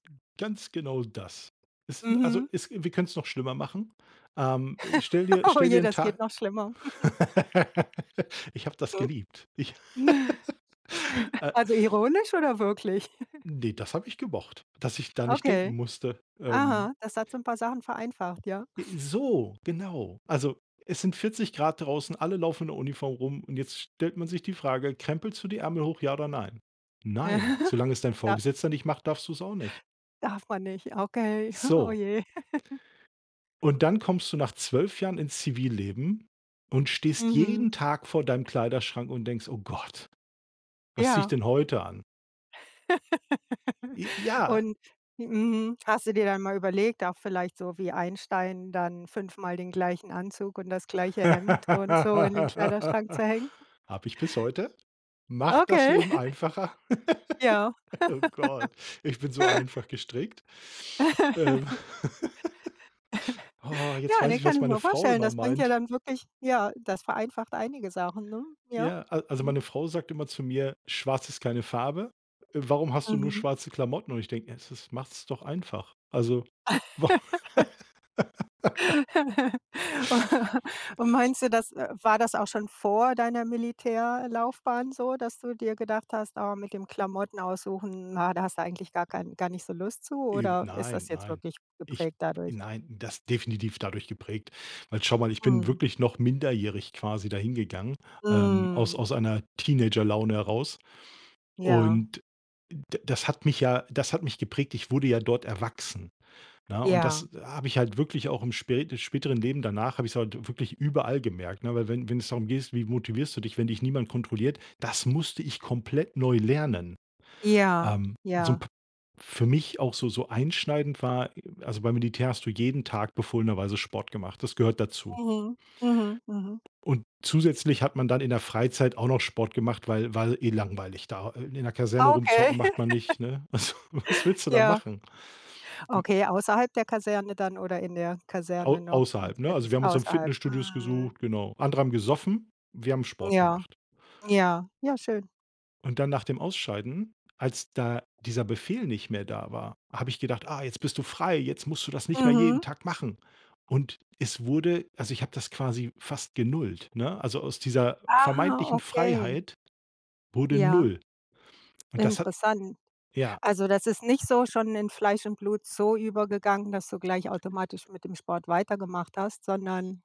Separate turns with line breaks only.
Ganz genau das. Es sind also,
Mhm.
es wir können's noch schlimmer machen. Ähm, stell dir
Oh
stell dir
je,
'n
das geht
Tag
noch schlimmer.
Ich habe das geliebt. Ich, äh
Also ironisch oder wirklich?
Ne, das hab ich gemocht, dass ich da nicht
Okay.
denken musste. Ähm
Aha, das hat so 'n paar Sachen vereinfacht, ja.
Äh, so, genau. Also, es sind 40 C draußen, alle laufen in der Uniform rum und jetzt stellt man sich die Frage: „Krempelst du die Ärmel hoch, ja oder nein?“ Nein, solange es dein
Ja.
Vorgesetzter nicht macht, darfst du's auch nicht.
Darf man nicht, okay. oh
So.
je.
Und dann kommst du nach 12 Jahren ins Zivilleben und stehst
Mhm.
jeden Tag vor deinem Kleiderschrank und denkst: „Oh Gott, was ziehe ich
Ja.
denn heute an?“ J ja.
Und mhm. Hast du dir dann mal überlegt, auch vielleicht so wie Einstein dann fünfmal den gleichen Anzug und das gleiche Hemd und so in den
Habe
Kleiderschrank zu hängen?
ich bis heute. Macht das
Okay.
Leben einfacher?
Ja.
Oh Gott, ich bin so einfach gestrickt. Ähm oh, jetzt
Ja,
weiß
ne,
ich,
kann
was
ich
meine
mir
Frau
vorstellen,
immer
das bringt ja
meint.
dann wirklich ja, das vereinfacht einige Sachen, ne? Ja.
Ja, al also
Mhm.
meine Frau sagt immer zu mir: „Schwarz ist keine Farbe. Warum hast du nur
Mhm.
schwarze Klamotten?“ Und ich denke: „Ja es ist macht's doch einfach.“ Also wa
Und meinst du das war das auch schon vor deiner Militärlaufbahn so, dass du dir gedacht hast: „Oh, mit dem Klamotten aussuchen, na, da hast du eigentlich gar kein gar nicht so Lust zu“,
Eb
oder ist
nein,
das jetzt
nein.
wirklich
Ich
geprägt dadurch?
nein das definitiv dadurch geprägt. Weil schau mal, ich bin
Mhm.
wirklich noch minderjährig quasi da hingegangen, ähm, aus
Mhm.
aus einer Teenagerlaune heraus.
Ja.
Und d das hat mich ja das hat mich geprägt. Ich wurde ja dort erwachsen, ne? Und
Ja.
das habe ich halt wirklich auch im spä im späteren Leben danach habe ich's halt wirklich überall gemerkt, ne? Weil wenn wenn's darum geht, wie motivierst du dich, wenn dich niemand kontrolliert, das musste ich komplett neu lernen.
Ja,
Ähm, so 'n
ja.
p für mich auch so so einschneidend war also, beim Militär hast du jeden Tag befohlenerweise Sport gemacht. Das gehört dazu.
Mhm. Mhm. Mhm.
Und zusätzlich hat man dann in der Freizeit auch noch Sport gemacht, weil weil eh langweilig da. Äh, in der Kaserne
Okay.
rumzocken macht man nicht, ne? Also, was willst du da
Ja.
machen? M
Okay, außerhalb der Kaserne dann oder in der Kaserne
Au
noch?
außerhalb,
Ins
ne? Also,
Fitness
wir haben uns um
außerhalb.
Fitnessstudios
Mhm.
gesucht, genau. Andere haben gesoffen, wir haben Sport
Ja,
gemacht.
ja, ja schön.
Und dann nach dem Ausscheiden, als da dieser Befehl nicht mehr da war, habe ich gedacht: „Ah, jetzt bist du frei, jetzt musst du das nicht mehr jeden
Mhm.
Tag machen.“ Und es wurde also, ich habe das quasi fast genullt, ne? Also, aus dieser
Ah,
vermeintlichen
okay.
Freiheit wurde
Ja.
null und das hat
Interessant.
ja.
Also, das ist nicht so schon in Fleisch und Blut so übergegangen, dass du gleich automatisch mit dem Sport weitergemacht hast, sondern